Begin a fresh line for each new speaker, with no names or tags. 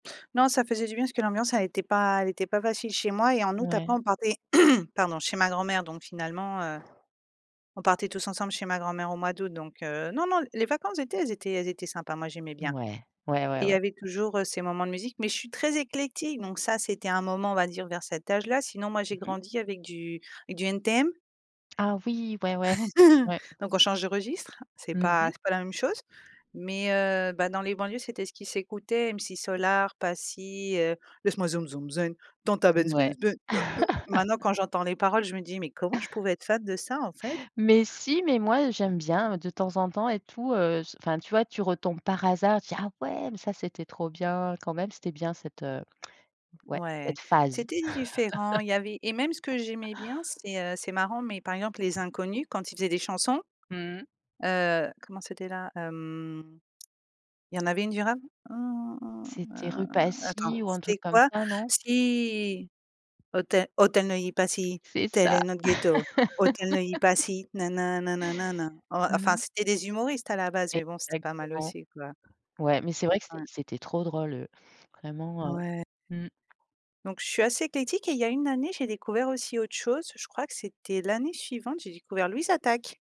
Non, ça faisait du bien parce que l'ambiance elle était pas elle était pas facile chez moi et en août, après,
Ouais.
on partait, pardon, chez ma grand-mère. Donc, finalement, heu, on partait tous ensemble chez ma grand-mère au mois d'août donc, heu, non, non, les vacances d'été, elles étaient elles étaient sympas. Moi, j'aimais bien
Ouais. Ouais, ouais,
et il
ouais.
y avait toujours ces moments de musique. Mais, je suis très éclectique donc, ça, c'était un moment, on va dire, vers cet âge-là. Sinon, moi, j'ai
Mmh mh.
grandi avec du du NTM
Ah oui. Ouais, ouais. Ouais.
donc, on change de registre, c'est
Mmh
pas
mh.
c'est pas la même chose. Mais, heu, bah, dans les banlieues, c'était ce qui s'écoutait, M6 Solar, Passi, heu, Laisse-moi zoum zoum zen, dans ta benz
Ouais.
benz benz, heu, heu. Maintenant, quand j'entends les paroles, je me dis: «Mais comment je pouvais être fan de ça, en fait?»
Mais, si, mais, moi, j'aime bien de temps en temps et tout, heu, enfin, tu vois, tu retombes par hasard, tu dis: «Ah ouais, mais ça, c'était trop bien, quand même». C'était bien cette, heu, ouais,
Ouais,
cette phase.
c'était différent. Il y avait et même ce que j'aimais bien, c'est, heu, c'est marrant, mais, par exemple, Les Inconnus quand ils faisaient des chansons,
Mmh mh.
heu, comment c'était là? Hem, il y en avait une du rap. Hem,
C'était Rue
a
Passy
attends,
ou un
c'était
truc comme
quoi?
ça, non?
Si! «Auteuil Auteuil Neuilly Passy
C'est
tel
ça.
est notre ghetto Auteuil Neuilly Passy nin nin nin nin nin nin. Ouais, enfin,
Mmh.
c'était des humoristes, à la base, mais, bon, c'était pas mal
Exactement.
aussi, quoi.
Ouais, mais c'est
Oui,
vrai que
quand
c'était
même.
c'était trop drôle, eux, vraiment, heu.
Ouais.
Mmh.
Donc, je suis assez éclectique et il y a une année, j'ai découvert aussi autre chose. Je crois que c'était l'année suivante, j'ai découvert Louise Attaque.